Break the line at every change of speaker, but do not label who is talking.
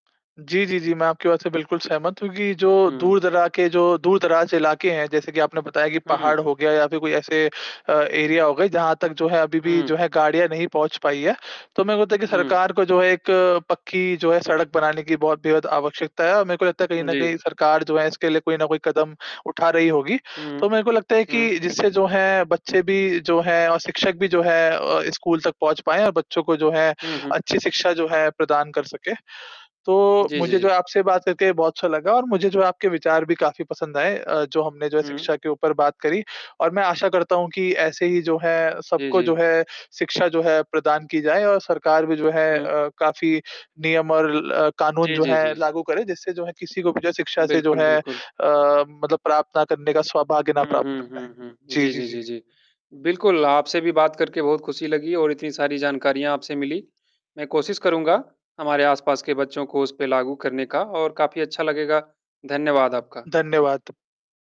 जी, जी, जी। मैं आपकी बात से बिल्कुल सहमत हूँ कि जो
हुँ।
दूर-दरा के जो दूर-दराज इलाके हैं, जैसे कि आपने बताया कि पहाड़
हुँ।
हो गया या फ़िर कोई ऐसे अ, एरिया हो गए, जहाँ तक जो है अभी भी जो
हुँ।
है गाड़ियाँ नहीं पहुँच पाई है। तो मेरे को लगता है कि
हुँ।
सरकार को जो है एक पक्की जो है सड़क बनाने की बहुत बेहद आवश्यकता है और मेरे को लगता है कहीं न
जी।
कहीं सरकार जो है इसके लिए कोई न कोई कदम उठा रही होगी।
हुँ।
तो मेरे को लगता है कि
हुँ।
जिससे जो है बच्चे भी जो है और शिक्षक भी जो है अ, स्कूल तक पहुँच पाएँ और बच्चों को जो है
हुँ, हुँ।
अच्छी शिक्षा जो है प्रदान कर सकें। तो
जी, जी,
मुझे जो
जी।
है आपसे बात करके बहुत अच्छा लगा और मुझे जो आपके विचार भी काफ़ी पसंद आए अ, जो हमने जो है
हुँ।
शिक्षा के ऊपर बात करी और मैं आशा करता हूँ कि ऐसे ही जो है,
जी,
सबको जो
जी।
है शिक्षा जो है, प्रदान की जाए और सरकार भी जो है
हुँ।
अ, काफ़ी नियम और ल कानून
जी,
जो
जी,
है
जी।
लागू करे। जिससे जो है किसी को भी जो है शिक्षा से जो
बिल्कुल,
है अ,
बिल्कुल।
मतलब प्राप्त ना करने का सौभाग्य ना
हुँ,
प्राप्त हो
हुँ, हुँ,
पाए।
हुँ।
जी,
जी,
जी,
जी,
जी।
जी, जी। बिल्कुल, आपसे भी बात करके बहुत ख़ुशी लगी और इतनी सारी जानकारियाँ आपसे मिली, मैं कोशिश करूँगा हमारे आस-पास के बच्चों को उस पे लागू करने का और काफ़ी अच्छा लगेगा। धन्यवाद आपका।
धन्यवाद।